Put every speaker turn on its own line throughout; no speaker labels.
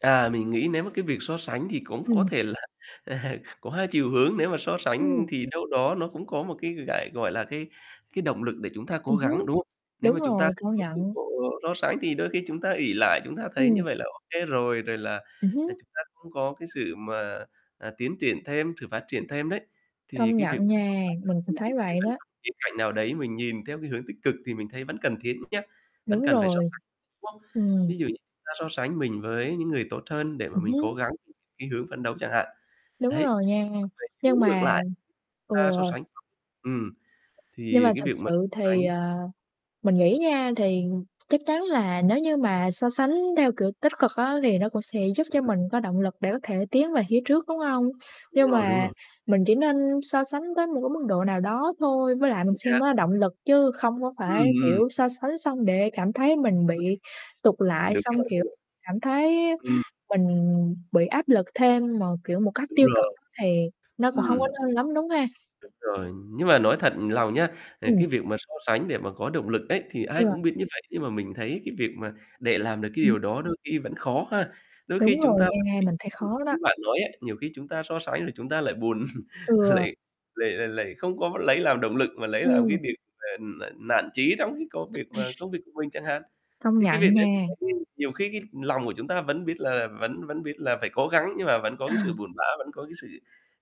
À, mình nghĩ nếu mà cái việc so sánh thì cũng có
Ừm.
thể là có hai chiều hướng. Nếu mà so
Ừm.
sánh thì đâu đó nó cũng có một cái, gại gọi là, cái cái động lực để chúng ta cố
Ừm hứm,
gắng, đúng không? Nếu
đúng
mà chúng ta
rồi,
không
công
có
nhận.
sự so sánh thì đôi khi chúng ta ỷ lại, chúng ta thấy
Ừm.
như vậy là ô kê rồi. Rồi là,
Ừm
ờ,
hứm.
chúng ta không có cái sự mà, à, tiến triển thêm, sự phát triển thêm đấy. Thì
Công
cái việc
nhận
so
nha,
sánh
mình cũng
đôi khi
thấy vậy
[unintelligible]
đó.
khía cạnh nào đấy mình nhìn theo cái hướng tích cực thì mình thấy vẫn cần thiết nhá, vẫn
Đúng
cần phải so
rồi.
sánh, đúng không?
Ừm.
Ví dụ như chúng ta so sánh mình với những người tốt hơn để mà
Ừm
mình cố
hứm.
gắng [unintelligible] cái hướng phấn đấu chẳng hạn.
Đúng
Đấy,
rồi nha,
còn về chiều
nhưng
hướng ngược
mà
lại chúng
ừ.
ta so sánh ừm,
Nhưng
thì
mà
cái
thực
việc mà
sự
so sánh
thì, ờ, mình nghĩ nha, thì chắc chắn là nếu như mà so sánh theo kiểu tích cực á, thì nó cũng sẽ giúp cho
Ừm.
mình có động lực để có thể tiến về phía trước, đúng hông?
Đúng
Nhưng
rồi, đúng
mà
rồi.
mình chỉ nên so sánh tới một cái mức độ nào đó thôi. Với lại mình
Chính
xem
xác.
nó là động lực chứ không có
Ừm,
phải,
ừm.
kiểu, so sánh xong để cảm thấy mình
Ừm.
bị tụt lại,
Đúng
xong,
rồi,
kiểu,
ờ.
cảm thấy
Ừm.
mình bị áp lực thêm mà, kiểu, một cách
Đúng
tiêu cực
rồi.
á thì nó cũng hông có
ừm.
nên lắm, đúng ha.
Đúng rồi, nhưng mà nói thật lòng nha, ờ,
Ừm.
cái việc mà so sánh để mà có động lực ấy, thì ai
Ừ.
cũng biết như vậy. Nhưng mà mình thấy cái việc mà để làm được cái
Ừm.
điều đó đôi khi vẫn khó ha. Đôi khi
Đúng
chúng
rồi
ta vẫn
nha,
bị
mình thấy
bị
khó đó.
như bạn nói ấy, nhiều khi chúng ta so sánh rồi chúng ta lại buồn,
Ừ.
lại lại lại không có lấy làm động lực mà lấy làm cái
Ừm.
điều mà n nản chí trong khi có việc mà công việc của mình chẳng hạn.
Công
Thế cái việc
nhận
đấy mình
nha.
thấy nhiều khi cái lòng của chúng ta vẫn biết là vẫn vẫn biết là phải cố gắng nhưng mà vẫn có
Ờ.
cái sự buồn bã, vẫn có cái sự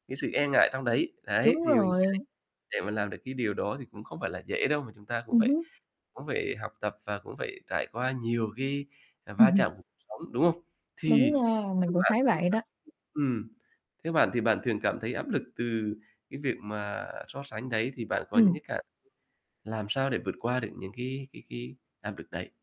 cái sự e ngại trong đấy. Đấy,
Đúng
thì mình nghĩ
rồi.
để mà làm được cái điều đó thì cũng không phải là dễ đâu, mà chúng ta cũng
Ừm
phải
hứm.
cũng phải học tập và cũng phải trải qua nhiều cái, à, va chạm cuộc sống, đúng không?
Đúng
Thì
nha, mình
theo
cũng
bạn
thấy vậy
[unintelligible]
đó.
ừm, theo bạn thì bạn thường cảm thấy áp lực từ cái việc mà so sánh đấy thì bạn có những
Ừm.
cái cảm làm sao để vượt qua được những cái cái cái, à, việc đấy?